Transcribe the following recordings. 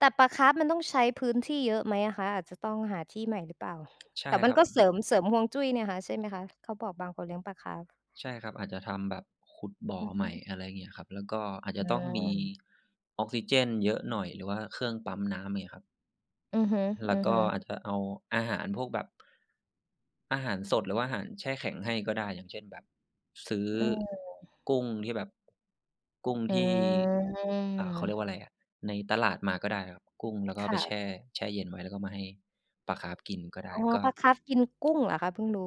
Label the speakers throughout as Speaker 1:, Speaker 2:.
Speaker 1: แต่ปลาคาร์ปมันต้องใช้พื้นที่เยอะไหมอะคะ อาจจะต้องหาที่ใหม่หรือเปล่า?
Speaker 2: ใช่
Speaker 1: แต่ม
Speaker 2: ค
Speaker 1: ั
Speaker 2: ร
Speaker 1: น
Speaker 2: ับ
Speaker 1: ก็
Speaker 2: อื
Speaker 1: เส
Speaker 2: ม
Speaker 1: ริม เสริมฮวงจุ้ยเนี่ยคะใช่ไหมคะ? เขาบอก บางคนเลี้ยงปลาคาร์ป
Speaker 2: ใช่ครับ อาจจะทำแบบขุดบ่อ
Speaker 1: อือ
Speaker 2: ใ
Speaker 1: ฮ
Speaker 2: ห
Speaker 1: ึ
Speaker 2: ม่ อะไรงี้ครับ แล้วก็อาจจ
Speaker 1: อื
Speaker 2: ะต้องมี
Speaker 1: ม
Speaker 2: ออกซิเจนเยอะหน่อยหรือว่าเครื่องปั๊มน้ำ มีครับ
Speaker 1: อือฮึ
Speaker 2: แล้วก็
Speaker 1: ๆ
Speaker 2: อาจจะเอาอาหารพวกแบบ อาหารสดหรือว่าอาหารแช่แข็งให้ก็ได้ อย่างเช่น แบบ ซื้อ
Speaker 1: อืม
Speaker 2: กุ้งที่แบบ กุ้ง
Speaker 1: อื
Speaker 2: ที่ อ่า เขาเรีย
Speaker 1: ม
Speaker 2: กว่าอะไรอะ ในตลาดมาก็ได้ครับ กุ้ง แล้วก็เ
Speaker 1: ค
Speaker 2: อาไ
Speaker 1: ่
Speaker 2: ปแช
Speaker 1: ะ
Speaker 2: ่ แช่เย็นไว้ แล้วก็มาให้ ปลาคาร์ปกินก็ได
Speaker 1: อ
Speaker 2: ้
Speaker 1: ๋อ
Speaker 2: ก็
Speaker 1: ปลาคาร์ปกินกุ้งเหรอคะ เพิ่งรู้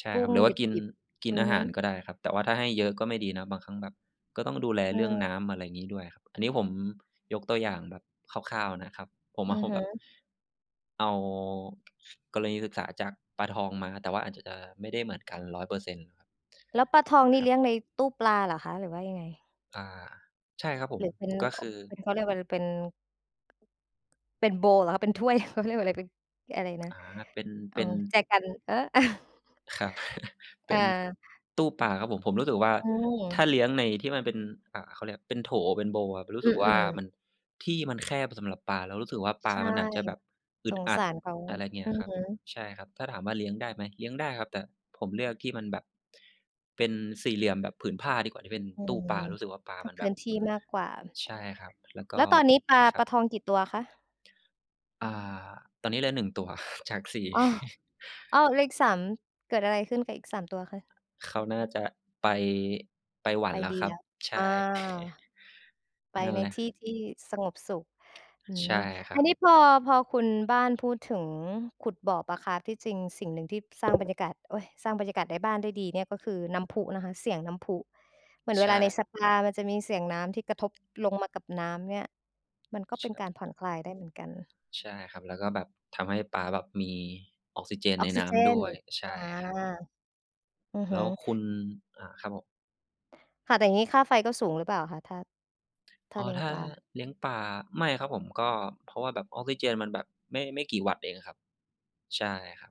Speaker 2: ใช่
Speaker 1: กุ้
Speaker 2: ครับ
Speaker 1: ง
Speaker 2: หรือว่
Speaker 1: ด
Speaker 2: ากิน
Speaker 1: ิบ
Speaker 2: ก
Speaker 1: ๆ
Speaker 2: ิ
Speaker 1: อ
Speaker 2: น
Speaker 1: ื
Speaker 2: อ
Speaker 1: อ
Speaker 2: า
Speaker 1: ฮ
Speaker 2: ห
Speaker 1: ึ
Speaker 2: ารก็ได้ครับ แต่ว่าถ้าให้เยอะก็ไม่ดีนะ บางครั้งแบบ ก็ต้องดูแล
Speaker 1: อื
Speaker 2: เรื่อง
Speaker 1: ม
Speaker 2: น้ำ อะไรงี้ด้วยครับ อันนี้ผมยกตัวอย่างแบบคร่าว ๆ นะครับ ผมม
Speaker 1: อื
Speaker 2: าฮ
Speaker 1: อ
Speaker 2: บ
Speaker 1: ฮ
Speaker 2: แบบ
Speaker 1: ึ
Speaker 2: เอา กรณีศึกษาจากปลาทองมา แต่ว่าอาจจะ จะไม่ได้เหมือนกัน 100%
Speaker 1: แล้วปลาทองนี
Speaker 2: ค
Speaker 1: ่
Speaker 2: รั
Speaker 1: เล
Speaker 2: บ
Speaker 1: ี้ยงในตู้ปลาเหรอคะ หรือว่ายังไง?
Speaker 2: อา ใช่ครับผ
Speaker 1: ห
Speaker 2: ม
Speaker 1: รือเป็น
Speaker 2: ก็คือ
Speaker 1: เป็น เขาเรียกว่าอะไร เป็น เป็น โบวล์ เหรอคะ เป็น ถ้วย เขาเรียกว่าอะไร เป็น เอ๊ะ อะไรนะ
Speaker 2: อา เป็น
Speaker 1: อ
Speaker 2: เ
Speaker 1: ๋
Speaker 2: ป
Speaker 1: อ
Speaker 2: ็น
Speaker 1: แจกัน เออ เออ
Speaker 2: ครับ เป็น
Speaker 1: เออ
Speaker 2: ตู้ปลาครับผม ผมรู้สึกว่า
Speaker 1: อื
Speaker 2: ถ้าเล
Speaker 1: ม
Speaker 2: ี้ยงใน ที่มันเป็น อ่า เขาเรียกเป็นโถ เป็น โบวล์ ครับ รู้
Speaker 1: อื
Speaker 2: สึกว่า
Speaker 1: ม ๆ
Speaker 2: มัน ที่มันแคบสำหรับปลา แล้วรู้สึกว่า ปล
Speaker 1: ใช
Speaker 2: า
Speaker 1: ่
Speaker 2: มันอาจจะแบบอึ
Speaker 1: ส
Speaker 2: ด
Speaker 1: ง
Speaker 2: อั
Speaker 1: ส
Speaker 2: ด
Speaker 1: ารเขา
Speaker 2: อะไรเงี้
Speaker 1: อื
Speaker 2: ย
Speaker 1: อ
Speaker 2: ครับ
Speaker 1: ฮึ
Speaker 2: ใช่ครับ ถ้าถามว่า เลี้ยงได้ไหม เลี้ยงได้ครับ แต่ผมเลือกที่มันแบบ เป็นสี่เหลี่ยมแบบผืนผ้าดีกว่าที่เป็น
Speaker 1: อื
Speaker 2: ตู้
Speaker 1: ม
Speaker 2: ปลา รู้สึกว่า ปลา
Speaker 1: ถ้า
Speaker 2: มัน
Speaker 1: พ
Speaker 2: แบ
Speaker 1: ื้
Speaker 2: บ
Speaker 1: นที่มากกว่า
Speaker 2: ใช่ครับ แล้วก
Speaker 1: แ
Speaker 2: ็
Speaker 1: ล้วตอนนี้ปลา
Speaker 2: ครั
Speaker 1: ปล
Speaker 2: บ
Speaker 1: าทองกี่ตัวคะ?
Speaker 2: อา ตอนนี้เหลือ 1 ตัว จาก 4
Speaker 1: อ้อ อ้อ! เลข 3 เกิดอะไรขึ้นกับอีก 3 ตัวคะ?
Speaker 2: เขาน่าจะไป ไปหวั
Speaker 1: ไ
Speaker 2: น
Speaker 1: ป
Speaker 2: แล้ว
Speaker 1: ดี
Speaker 2: ครั
Speaker 1: แ
Speaker 2: บ
Speaker 1: ล้ว
Speaker 2: ใช
Speaker 1: อา
Speaker 2: ่
Speaker 1: ไป
Speaker 2: นั่น
Speaker 1: ใน
Speaker 2: แหละ
Speaker 1: ที่ที่สงบสุข อื
Speaker 2: ใช่
Speaker 1: ม
Speaker 2: อะคร
Speaker 1: อ
Speaker 2: ั
Speaker 1: ันนี้
Speaker 2: บ
Speaker 1: พอ พอคุณบ้านพูดถึงขุดบ่อปลาคาร์ป ที่จริงสิ่งหนึ่งที่ สร้างบรรยากาศ โอ๊ย! สร้างบรรยากาศในบ้านได้ดีเนี่ย ก็คือน้ำพุนะคะ เสียงน้ำพุ เหมือนเ
Speaker 2: ใ
Speaker 1: ว
Speaker 2: ช
Speaker 1: ลาใน
Speaker 2: ่
Speaker 1: สปา มันจะมีเสียงน้ำที่กระทบลงมากับน้ำเนี่ย มันก็
Speaker 2: ใช
Speaker 1: เป็น
Speaker 2: ่
Speaker 1: การผ่อนคลายได้เหมือนกัน
Speaker 2: ใช่ครับ แล้วก็แบบทำให้ปลาแบบมี ออกซิเจน
Speaker 1: อ
Speaker 2: ใน
Speaker 1: อกซ
Speaker 2: น
Speaker 1: ิ
Speaker 2: ้
Speaker 1: เจ
Speaker 2: ำด้
Speaker 1: น
Speaker 2: วย ใช่
Speaker 1: อา
Speaker 2: ครับ
Speaker 1: อือ
Speaker 2: แ
Speaker 1: ฮ
Speaker 2: ล้
Speaker 1: ึ
Speaker 2: วคุณ อ่า ครับผม
Speaker 1: ค่ะ แต่อย่างงี้ค่าไฟก็สูงหรือเปล่าคะ ถ้า ถ้า
Speaker 2: อ๋อ
Speaker 1: เลี้ยง
Speaker 2: ถ้า
Speaker 1: ปลา?
Speaker 2: เลี้ยงปลา ไม่ครับผม ก็ เพราะว่าแบบออกซิเจนมันแบบไม่ ไม่กี่วัตต์เองอะครับ ใช่ครับ